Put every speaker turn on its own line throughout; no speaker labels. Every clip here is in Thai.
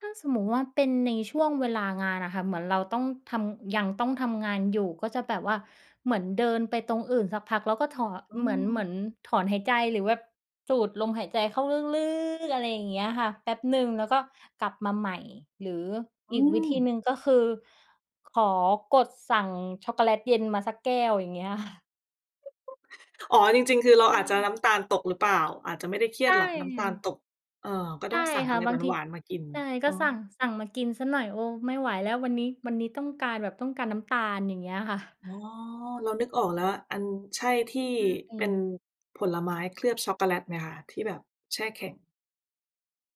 ถ้าสมมุติว่าเป็นในช่วงเวลางานอะค่ะ เหมือนเราต้องทำ ยังต้องทำงานอยู่ ก็จะแบบว่าเหมือนเดินไปตรงอื่นสักพัก แล้วก็ถอน
อื
เหมือน เหมือน
ม
ถอนหายใจ หรือแบบสูดลมหายใจเข้าลึก ๆ อะไรอย่างเงี้ยค่ะ แป๊บหนึ่งแล้วก็กลับมาใหม่หรือ
อ
อ
ื
ีกวิธี
ม
หนึ่งก็คือ ขอกดสั่งช็อกโกแลตเย็นมาสักแก้ว อย่างเงี้ย
อ๋อ จริง ๆ คือเรา
ใช
อาจจะ
่
น้ำตาลตกหรือเปล่า อาจจะไม่ได้เครี
ใช
ยดหรอก น้ำตาล
่
ตก เออ ก็
ใช
ต้
่
องสั่ง
ค
อ
่
ะ
ะ
ไร
บ
ห
างที
วาน ๆ มากิน
ใช่ ก
อ
็
๋อ
สั่ง สั่งมากินเสียหน่อย โอ้ ไม่ไหวแล้ววันนี้ วันนี้ต้องการแบบต้องการน้ำตาล อย่างเงี้ยค่ะ
อ๋อ เรานึกออกแล้วอะ อัน ใช่ที่
ไม
เป
่
็นผลไม้เคลือบช็อกโกแลตไหมคะ? ที่แบบแช่แข็ง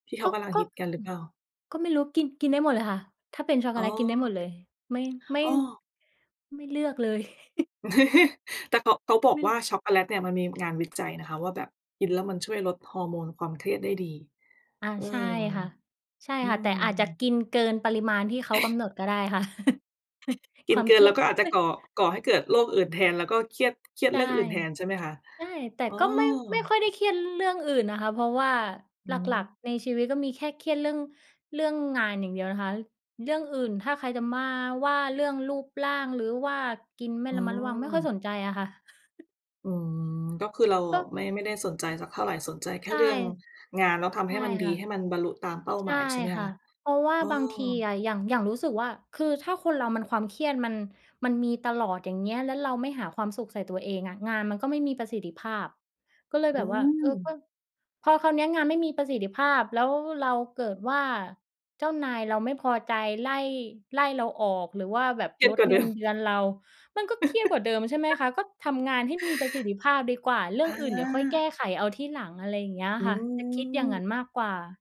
ที่เข
ก
า
็
กำลัง
ก็
ฮ
อ
ิตกันหรือเปล่า?
ก็ไม่รู้ กิน กินได้หมดเลยค่ะ ถ้าเป็นช็อกโก
อ๋อ
แลตกินได้หมดเลย ไม่ ไม่
อ้อ
ไม่เลือกเลย
แต่ ก เขาบอ
ไ
ก
ม่
ว
ล
่าช็อกโกแลตเนี่ยมันมีงานวิจัย นะคะว่าแบบกินแล้วมันช่วยลดฮอร์โมนความเครียดได้ดี
อา
เออ
ใช่ค่ะ ใช่
อื
ค่ะ แต่อาจจะ
ม
กินเกินปริมาณที่เขากำหนดก็ได้ค่ะ
ก
ค
ิน
วาม
เกิ
เค
น
รี
แล
ย
้
ด
วก็อาจจะ
ม
ก่อ ก่อให้เกิดโรคอื่นแทน แล้วก็เครียด เครียด
ใช
เร
่
ื่องอื่นแทน ใช่ไหมคะ
ใช่ แต่
อ๋อ
ก็ไม่ ไม่ค่อยได้เครียดเรื่องอื่นนะคะ เพราะว่า
อื
หลัก
ม
ๆ ในชีวิตก็มีแค่เครียดเรื่อง เรื่องงานอย่างเดียวนะคะ เรื่องอื่น ถ้าใครจะมาว่าเรื่องรูปร่าง หรือว่ากินไม่
อื
ระมัดระวังไม่ค่อย
ม
สนใจอะค่ะ
อืม ก็คือเรา
ก
อะ
็
ไม่ ไม่ได้สนใจสักเท่าไร สนใจแค
ใ
่
ช่
เรื่อง งานแล้วทำ
ใ
ใ
ช
ห้
่
มันดี
ค่ะ
ให้มันบรรลุตามเป้า
ใช
หม
่
าย ใช่ไหม
ค่
ค
ะ
ะ
เพราะว่า
เออ
บางทีอะอย่าง อย่างรู้สึกว่า คือถ้าคนเรามันความเครียดมัน มันมีตลอด อย่างเงี้ย แล้วเราไม่หาความสุขใส่ตัวเองอะงานมันก็ไม่มีประสิทธิภาพ ก็เลย
อ
แ
ื
บบว่า เอ่อ ก
ม
็ พอคราวเนี้ยงานไม่มีประสิทธิภาพ แล้วเราเกิดว่า เจ้านายเราไม่พอใจ ไล่ ไล่เราออก หรือว่าแบบ
เครีย
ล
ด
ด
กว่า
เ
เ
ง
ด
ิ
ิ
น
ม
เดือนเรา มันก็เครียดกว่าเดิม ใช่ไหมคะ ก็ทำงานให้มีประสิทธิภาพดีกว่า เรื่
อ
องอื่นเดี๋ยวค่อยแก้
า
ไขเอาที่หลัง อะไรอย่างเงี้ย
อื
ค่ะ จะคิดอย่างน
ม
ั้นมากกว่า